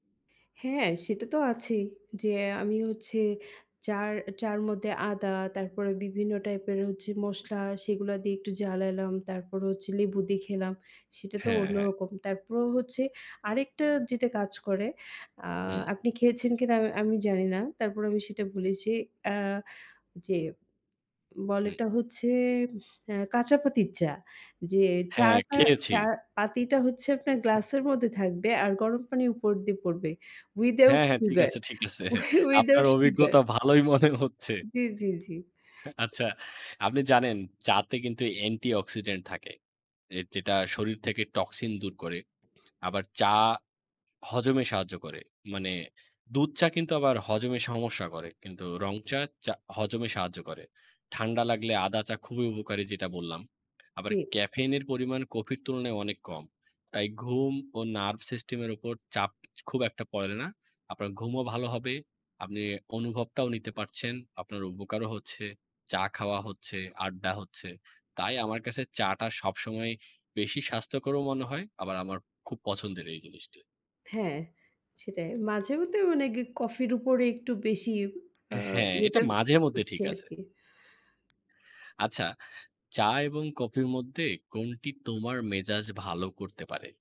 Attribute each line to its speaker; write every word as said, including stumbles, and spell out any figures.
Speaker 1: হ্যাঁ, সেটাতো আছেই। যে আমি হচ্ছে চার চার মধ্যে আদা, তারপরে বিভিন্ন টাইপের হচ্ছে মসলা, সেগুলা দিয়ে একটু জ্বালালাম। তারপর হচ্ছে লেবু দিয়ে খেলাম, সেটাতো
Speaker 2: হ্যাঁ, হ্যাঁ।
Speaker 1: অন্যরকম। তারপরও হচ্ছে, আরেকটা যেটা কাজ করে, আ
Speaker 2: হু।
Speaker 1: আপনি খেয়েছেন কিনা আ আমি জানিনা। তারপর আমি সেটা বলেছি, অ্যাঁ যে,
Speaker 2: হু।
Speaker 1: বলেটা হচ্ছে, অ্যা কাঁচা পাতির চা। যে এই
Speaker 2: হ্যাঁ,
Speaker 1: চাটা
Speaker 2: খেয়েছি।
Speaker 1: চা পাতিটা হচ্ছে আপনার গ্লাসের মধ্যে থাকবে আর গরম পানি উপর দিয়ে পড়বে। Without
Speaker 2: হ্যাঁ, হ্যাঁ, ঠিক
Speaker 1: sugar,
Speaker 2: আছে, ঠিক আছে।
Speaker 1: wi
Speaker 2: আপনার
Speaker 1: without sugar।
Speaker 2: অভিজ্ঞতা ভালোই মনে হচ্ছে।
Speaker 1: জি, জি, জি।
Speaker 2: আচ্ছা, আপনি জানেন? চাতে কিন্তু অ্যান্টি-অক্সিডেন্ট থাকে, এ যেটা শরীর থেকে টক্সিন দূর করে। আবার চা, হজমে সাহায্য করে। মানে দুধ চা কিন্তু আবার হজমে সমস্যা করে। কিন্তু রং চা, চা হজমে সাহায্য করে। ঠান্ডা লাগলে আদা চা খুবই উপকারী যেটা বললাম। আবার
Speaker 1: ঠিক।
Speaker 2: ক্যাফেইনের পরিমাণ কফির তুলনায় অনেক কম। তাই ঘুম ও Nerve system এর উপর চাপ খুব একটা পড়ে না। আপনার ঘুমও ভালো হবে। আপনি অনুভবটাও নিতে পারছেন। আপনার উপকারও হচ্ছে, চা খাওয়া হচ্ছে, আড্ডা হচ্ছে। তাই আমার কাছে চা টা সবসময় বেশি স্বাস্থ্যকরও মনে হয়। আবার আমার খুব পছন্দের এই জিনিসটি।
Speaker 1: হ্যাঁ, সেটাই, মাঝেমধ্যে অনেগ কফির উপরে একটু বেশি, আ
Speaker 2: হ্যাঁ, এটা
Speaker 1: ইয়েটা,
Speaker 2: মাঝেমধ্যে
Speaker 1: হচ্ছে
Speaker 2: ঠিক আছে।
Speaker 1: আরকি।
Speaker 2: আচ্ছা, চা এবং কফির মধ্যে কোনটি তোমার মেজাজ ভালো করতে পারে?